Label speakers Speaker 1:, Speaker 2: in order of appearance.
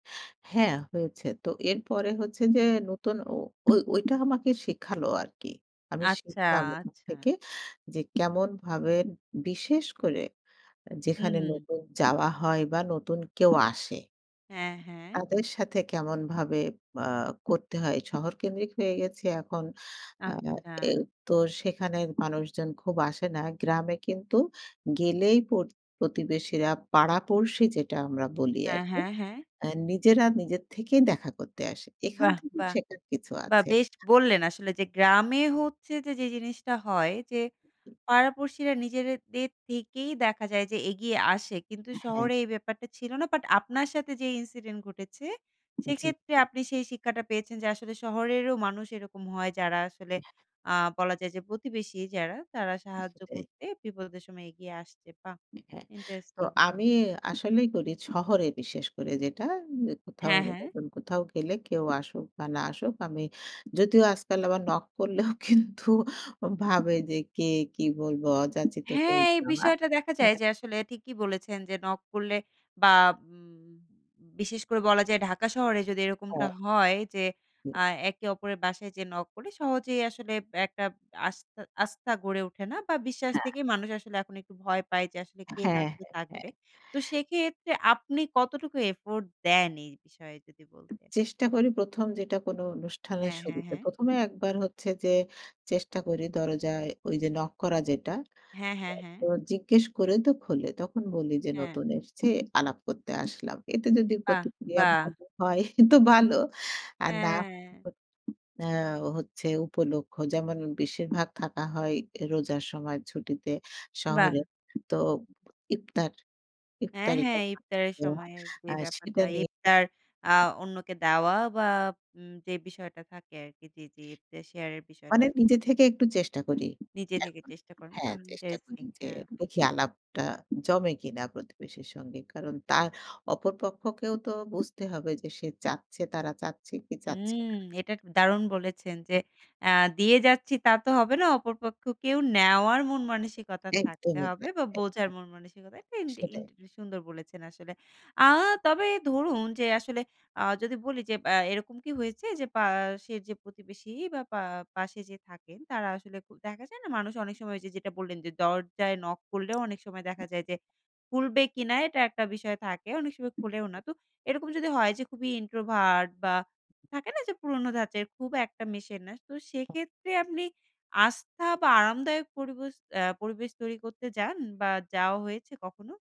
Speaker 1: হ্যাঁ, হয়েছে। তো এরপরে হচ্ছে যে, নতুন ও ঐ ঐটা আমাকে শিখালো আরকি। আমি
Speaker 2: আচ্ছা,
Speaker 1: শিখলাম ওখান
Speaker 2: আচ্ছা।
Speaker 1: থেকে যে, কেমনভাবে বিশেষ করে
Speaker 2: হুম,
Speaker 1: যেখানে
Speaker 2: হুম।
Speaker 1: নতুন যাওয়া হয় বা নতুন কেউ আসে।
Speaker 2: হ্যাঁ, হ্যাঁ।
Speaker 1: তাদের সাথে কেমনভাবে আ করতে হয় শহরকেন্দ্রিক হয়ে গেছি, এখন আ আ এ
Speaker 2: আচ্ছা।
Speaker 1: তো সেখানের মানুষজন খুব আসে না। গ্রামে কিন্তু গেলেই প্রত প্রতিবেশীরা, পাড়া-পড়শী যেটা আমরা বলি
Speaker 2: হ্যাঁ,
Speaker 1: আরকি।
Speaker 2: হ্যাঁ, হ্যাঁ।
Speaker 1: অ্যাঁ নিজেরা নিজের থেকেই দেখা করতে আসে। এখান
Speaker 2: বাহ!
Speaker 1: থেকেও
Speaker 2: বাহ!
Speaker 1: শেখার কিছু
Speaker 2: বাহ!
Speaker 1: আছে।
Speaker 2: বেশ বললেন আসলে যে গ্রামে হচ্ছে যে, যে জিনিসটা হয় যে, পাড়া-পড়শিরা নিজেদের দের থেকেই দেখা যায় যে, এগিয়ে আসে। কিন্তু
Speaker 1: হ্যাঁ।
Speaker 2: শহরে এই ব্যাপারটা ছিল না। বাট আপনার সাথে যে ইনসিডেন্ট ঘটেছে,
Speaker 1: জি,
Speaker 2: সেক্ষেত্রে
Speaker 1: জি।
Speaker 2: আপনি সেই শিক্ষাটা পেয়েছেন যে, আসলে শহরেরও মানুষ এরকম হয়, যারা আসলে
Speaker 1: [unintelligible]
Speaker 2: আ বলা যায় যে, প্রতিবেশী যারা তারা সাহায্য
Speaker 1: সেটাই।
Speaker 2: করতে বিপদের সময় এগিয়ে আসছে। বাহ!
Speaker 1: হ্যাঁ তো
Speaker 2: ইন্টারেস্টিং।
Speaker 1: আমি আসলেই করি শহরে, বিশেষ করে যেটা উম কোথাও,
Speaker 2: হ্যাঁ, হ্যাঁ।
Speaker 1: নতুন কোথাও গেলে কেউ আসুক বা না আসুক, আমি যদিও আজকাল আবার নক করলেও কিন্তু ভাবে যে, কে কি বলবো অযাচিত কেউ।
Speaker 2: হ্যাঁ, এই
Speaker 1: [unintelligible]
Speaker 2: বিষয়টা দেখা যায়
Speaker 1: হ্যাঁ।
Speaker 2: যে, আসলে ঠিকই বলেছেন যে, নক করলে বা উম বিশেষ করে বলা যায়, ঢাকা শহরে যদি এরকমটা
Speaker 1: হ্যাঁ।
Speaker 2: হয় যে,
Speaker 1: হুম।
Speaker 2: আ একে অপরের বাসায় যেয়ে নক করে সহজেই আসলে আব একটা আস্তা আস্থা গড়ে ওঠে না বা বিশ্বাস
Speaker 1: হ্যাঁ।
Speaker 2: থেকেই মানুষ আসলে এখন একটু ভয় পায়। যে আসলে কে না
Speaker 1: হ্যাঁ,
Speaker 2: কে
Speaker 1: হ্যাঁ, হ্যাঁ।
Speaker 2: থাকবে। তো সেক্ষেত্রে আপনি কতটুকু এফোর্ট দেন এই বিষয়ে যদি বলতেন?
Speaker 1: চেষ্টা করি প্রথম যেটা কোনো অনুষ্ঠানের
Speaker 2: হ্যাঁ, হ্যাঁ,
Speaker 1: শুরুতে।
Speaker 2: হ্যাঁ।
Speaker 1: প্রথমে একবার হচ্ছে যে, চেষ্টা করি দরজায় ঐ যে নক করা যেটা।
Speaker 2: হ্যাঁ, হ্যাঁ, হ্যাঁ।
Speaker 1: তো জিজ্ঞেস করে, তো খোলে। তখন বলি যে,
Speaker 2: হ্যাঁ।
Speaker 1: নতুন এসছি আলাপ করতে আসলাম। এতে যদি
Speaker 2: বাহ!
Speaker 1: প্রতিক্রিয়া
Speaker 2: বাহ!
Speaker 1: ভালো হয় তো ভালো। আর না
Speaker 2: হ্যাঁ।
Speaker 1: হলে অ্যা হচ্ছে উপলক্ষ্য যেমন বেশিরভাগ থাকা হয়, রোজার সময় ছুটিতে
Speaker 2: বাহ!
Speaker 1: শহরে। তো ইফতার,
Speaker 2: হ্যাঁ,
Speaker 1: ইফতারি
Speaker 2: হ্যাঁ।
Speaker 1: করা
Speaker 2: ইফতারের
Speaker 1: [unintelligible]
Speaker 2: সময়ের যে
Speaker 1: আ সেটা
Speaker 2: ব্যাপারটা।
Speaker 1: নিয়ে।
Speaker 2: ইফতার আ
Speaker 1: [unintelligible]
Speaker 2: অন্যকে দেওয়া বা উম যে বিষয়টা থাকে আরকি। জি, জি ইফতার শেয়ার এর বিষয়টা।
Speaker 1: মানে নিজে থেকে একটু চেষ্টা করি
Speaker 2: নিজে থেকে
Speaker 1: এখন।
Speaker 2: চেষ্টা করেন
Speaker 1: হ্যাঁ,
Speaker 2: বাহ!
Speaker 1: চেষ্টা করি
Speaker 2: ইন্টারেস্টিং,
Speaker 1: যে,
Speaker 2: হ্যাঁ।
Speaker 1: দেখি আলাপটা জমে কিনা প্রতিবেশীর সঙ্গে। কারণ তার অপর পক্ষকেও তো বুঝতে হবে যে, সে চাচ্ছে তারা চাচ্ছে কি চাচ্ছে
Speaker 2: হুম,
Speaker 1: না।
Speaker 2: এটা এক দারুণ বলেছেন যে,
Speaker 1: হ্যাঁ।
Speaker 2: আ দিয়ে যাচ্ছি তা তো হবে না। অপর পক্ষে কেউ নেওয়ার মন মানসিকতা থাকতে
Speaker 1: একদমই
Speaker 2: হবে
Speaker 1: তাই,
Speaker 2: বা বোঝার
Speaker 1: একদমই।
Speaker 2: মন মানসিকতা, এটা ইন ইন
Speaker 1: সেটাই।
Speaker 2: সুন্দর বলেছেন আসলে। আ তবে ধরুন যে, আসলে আ যদি বলি যে, এব এরকম কি হয়েছে যে, পাশের যে প্রতিবেশী বা পা পাশে যে থাকেন, তারা আসলে দেখা যায় না, মানুষ অনেক সময় যে, যেটা বললেন যে, দরজায় নক করলেও অনেক সময় দেখা যায় যে খুলবে কিনা, এটা একটা বিষয় থাকে, অনেক সময় খোলেও না। তো এরকম যদি হয় যে, খুবই ইন্ট্রোভার্ট বা থাকে না যে, পুরোনো ধাঁচের খুব একটা মেশে না, তো সেক্ষেত্রে আপনি আস্থা বা আরামদায়ক পরিবশ আ পরিবেশ তৈরি করতে যান বা যাওয়া হয়েছে কখনো?